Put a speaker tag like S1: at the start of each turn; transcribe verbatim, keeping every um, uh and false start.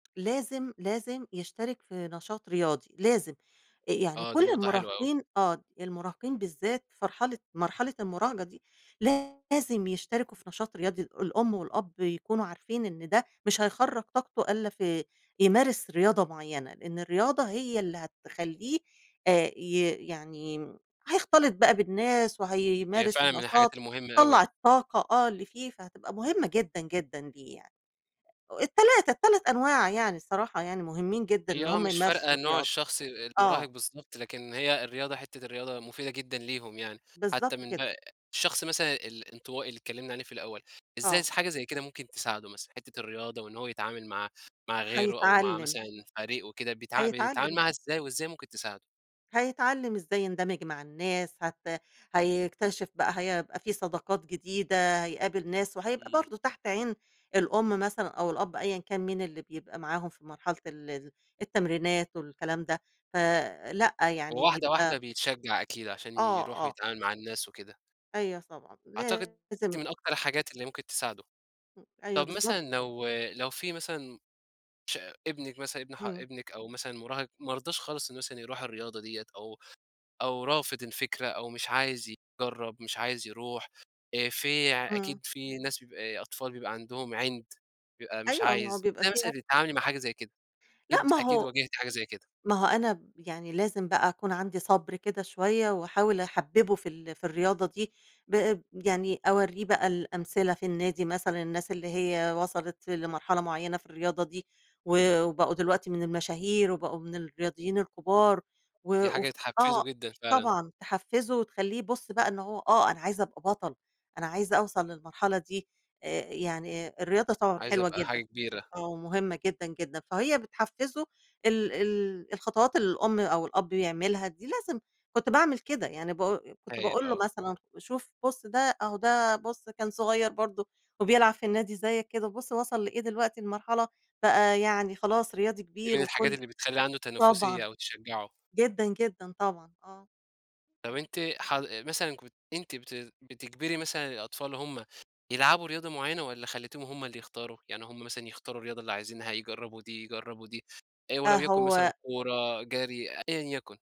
S1: لازم، لازم يشترك في نشاط رياضي، لازم. أ يعني
S2: آه. دي
S1: كل
S2: نقطة حلوة أوي.
S1: المُراهقين آه. المُراهقين بالذات في مرحلة مرحلة المُراهقة دي لازم يشتركوا في نشاط رياضي، الأم والأب يكونوا عارفين إن ده مش هيخرّج طاقته إلّا في يمارس رياضة معيّنة. إن الرياضة هي اللي هتخلّيه آآ ي يعني هيختلط بقى بالناس،
S2: هي
S1: وهيمارس
S2: فعلًا من الحاجات
S1: النشاط،
S2: المهمة
S1: طَلّع
S2: أوي.
S1: الطاقة آه اللي فيه، فهتبقى مهمة جدًا، جدًا ليه يعني. التلاتة، التَلَت أنواع يعني الصراحة يعني مهمين جدًا
S2: هي
S1: إن
S2: آه
S1: هم
S2: مش
S1: يمارسوا
S2: فارقة نوع
S1: الرياضة.
S2: الشخص أ المُراهق
S1: آه.
S2: بالضبط، لكن هي الرياضة حتّة الرياضة مفيدة جدًا ليهم يعني. حتّى
S1: بالضبط
S2: من
S1: كده.
S2: ب الشخص مثلًا الإنطوائي اللي اتكلّمنا عليه في الأول، إزاي
S1: آه.
S2: س حاجة زي كده ممكن تساعده مثلًا؟ حتّة الرياضة وإن هو يتعامل مع مع غيره أو مع
S1: هيتعلِّم.
S2: مثلًا فريق وكده بيتع بيتعامل
S1: هيتعلِّم
S2: معاها
S1: بقى.
S2: إزاي وإزاي ممكن تساعده؟
S1: هيتعلِّم إزاي يندمج مع الناس، هت هيكتشف بقى هيبقى في صداقات جديدة، هيقابل ناس وهيبقى
S2: إمم.
S1: برضه تحت عين الأم مثلًا أو الأب أيًا كان مين اللي بيبقى معاهم في مرحلة ال ال التمرينات والكلام ده ف لأ، يعني
S2: وواحدة واحدة
S1: بيبقى
S2: بيتشجّع أكيد عشان
S1: آه،
S2: يروح
S1: آه.
S2: ويتعامل مع الناس وكده.
S1: أيوه طبعًا.
S2: أعتقد دي
S1: لازم.
S2: من أكتر الحاجات اللي ممكن تساعده.
S1: أيوه،
S2: طب
S1: بالضبط
S2: مثلًا
S1: طبعًا.
S2: لو لو في مثلًا ش ابنِك مثلًا، ابن ح
S1: إمم.
S2: ابنِك أو مثلًا مُراهق مرضاش خالص إنه مثلًا يروح الرياضة ديّة أو أو رافض الفكرة أو مش عايز يجرّب، مش عايز يروح آآ في ع أكيد
S1: إمم.
S2: في ناس بيبقى أطفال بيبقى عندهم عِند بيبقى مش
S1: أيوه. ما هو
S2: عايز،
S1: بيبقى
S2: إزاي
S1: فيها
S2: مثلًا بتتعاملي مع حاجة زي كده؟
S1: لأ،
S2: أكيد
S1: ما
S2: أكيد
S1: هو
S2: واجهتِ حاجة زي كده.
S1: ما هو أنا ب يعني لازم بقى أكون عندي صَبْر كده شوية وأحاول أحبِّبُه في ال في الرياضة دي، ب يعني أورّيه بقى الأمثلة في النادي مثلًا، الناس اللي هي وصَلت لمرحلة معيّنة في الرياضة دي و وبقوا دلوقتي من المشاهير وبقوا من الرياضيين الكُبار و
S2: دي حاجة
S1: وف
S2: تحفِّزه
S1: آه،
S2: جدًا فعلًا.
S1: طبعًا. تحفِّزه وتخلّيه يبُص بقى إن هو آه، أنا عايز أبقى بَطَل، أنا عايز أوصل للمرحلة دي. آآ يعني الرياضة طبعًا
S2: عايز
S1: حلوة
S2: أبقى حاجة
S1: جدًا.
S2: كبيرة.
S1: آه، ومهمة جدًا، جدًا. فهي بتحفِّزه ال ال الخطوات اللي الأم أو الأب يعملها، دي لازم كنت باعمل كده. يعني ب كنت
S2: هايل
S1: باقول له
S2: آه.
S1: مثلًا: "شوف، بُص ده، أهو ده بُص كان صغير برضه وبيلعب في النادي زيّك كده، بُص وصِل لإيه دلوقتي لمرحلة بقى يعني خلاص رياضي
S2: دي
S1: كبير
S2: من الحاجات
S1: وكل"
S2: اللي بتخلّي عنده
S1: طبعًا.
S2: تنافسية أو تشجّعه.
S1: جدًا، جدًا، طبعًا آه.
S2: طَب
S1: امم.
S2: أنتِ ح مثلًا كنت أنتِ بت بتجبري مثلًا الأطفال هم يلعبوا رياضة معيّنة والّا خلّيتيهم هم اللي يختاروا؟ يعني هم مثلًا يختاروا الرياضة اللي عايزينها، يجرّبوا دي، يجرّبوا دي آآ
S1: أ
S2: ولو يكن مثلًا
S1: هو
S2: كورة، جري أيًا يَكُن؟